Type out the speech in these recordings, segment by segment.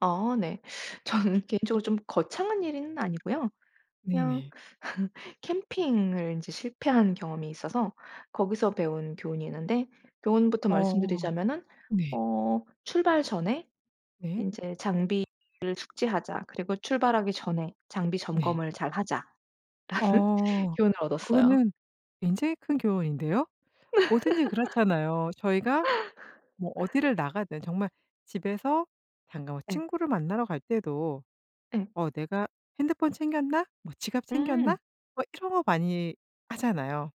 아 네. 저는 개인적으로 좀 거창한 일은 아니고요. 그냥 네네. 캠핑을 인제 실패한 경험이 있어서 거기서 배운 교훈이 있는데 교훈부터 어. 말씀드리자면은 네. 어 '출발 전에 네. 인제 장비를 숙지하자. 그리고 출발하기 전에 장비 네. 점검을 잘하자.'라는 어. 교훈을 얻었어요. 그거는 굉장히 큰 교훈인데요. 뭐든지 그렇잖아요. 저희가 뭐 어디를 나가든 정말 집에서 잠깐 뭐 예. 친구를 만나러 갈 때도 예. '어 내가 핸드폰 챙겼나?' 뭐 '지갑 챙겼나?' 음. 뭐 이런 거 많이 하잖아요.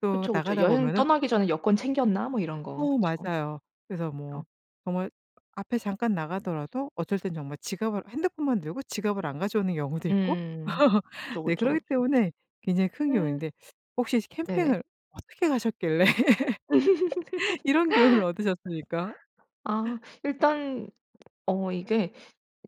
또 그쵸, 그쵸. 나가다 여행 보면은 떠나기 전에 '여권 챙겼나?' 뭐 이런 거. 어 그쵸. 맞아요. 그래서 뭐 그쵸. 정말 앞에 잠깐 나가더라도 어떨 땐 정말 지갑을 핸드폰만 들고 지갑을 안 가져오는 경우도 있고 음. 그쵸, 네. 그쵸, 그러기 그쵸. 때문에 굉장히 큰 음. 교훈인데 혹시 네네. 캠핑을 어떻게 가셨길래 이런 교훈을 얻으셨습니까? 아. 일단 어 이게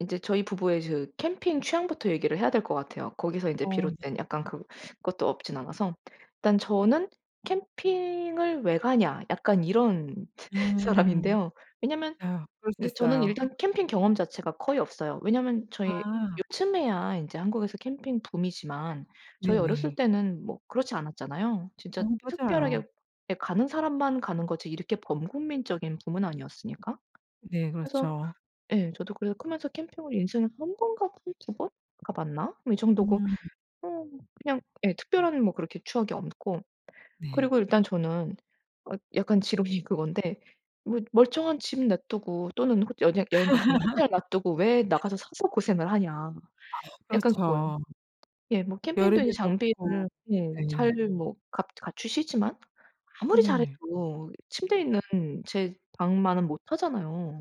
인제 저희 부부의 그 캠핑 취향부터 얘기를 해야 될 것 같아요. 거기서 인제 어 네. 비롯된 약간 그것도 없지는 않아서. 일단 저는 '캠핑을 왜 가냐.' 약간 이런 음. 사람인데요. 왜냐하면 아 그럴 수 이제 저는 있어요. 일단 캠핑 경험 자체가 거의 없어요. 왜냐하면 저희 아. 요즘에야 인제 한국에서 캠핑 붐이지만 저희 어렸을 네네. 때는 뭐 그렇지 않았잖아요. 어 진짜 특별하게 맞아요. 예 가는 사람만 가는 거지 이렇게 범국민적인 붐은 아니었으니까. 네 그래서 그렇죠. 예 저도 그래서 크면서 캠핑을 인생에서 1 번 가 한 2 번 가봤나? 뭐 이 정도고 음. 어 그냥 예 특별한 뭐 그렇게 추억이 없고 네. 그리고 일단 저는 어 약간 지론이 그건데 뭐 '멀쩡한 집 놔두고 또는 호 연행 여행 갔으면 호텔 놔두고 왜 나가서 사서 고생을 하냐.' 아 약간 그거예요. 그렇죠. 예 뭐 캠핑도 여름에 인제 덥고 장비를 예 잘 네. 뭐 갖 갖추시지만 아무리 네네. 잘해도 침대 있는 제 방만은 못하잖아요.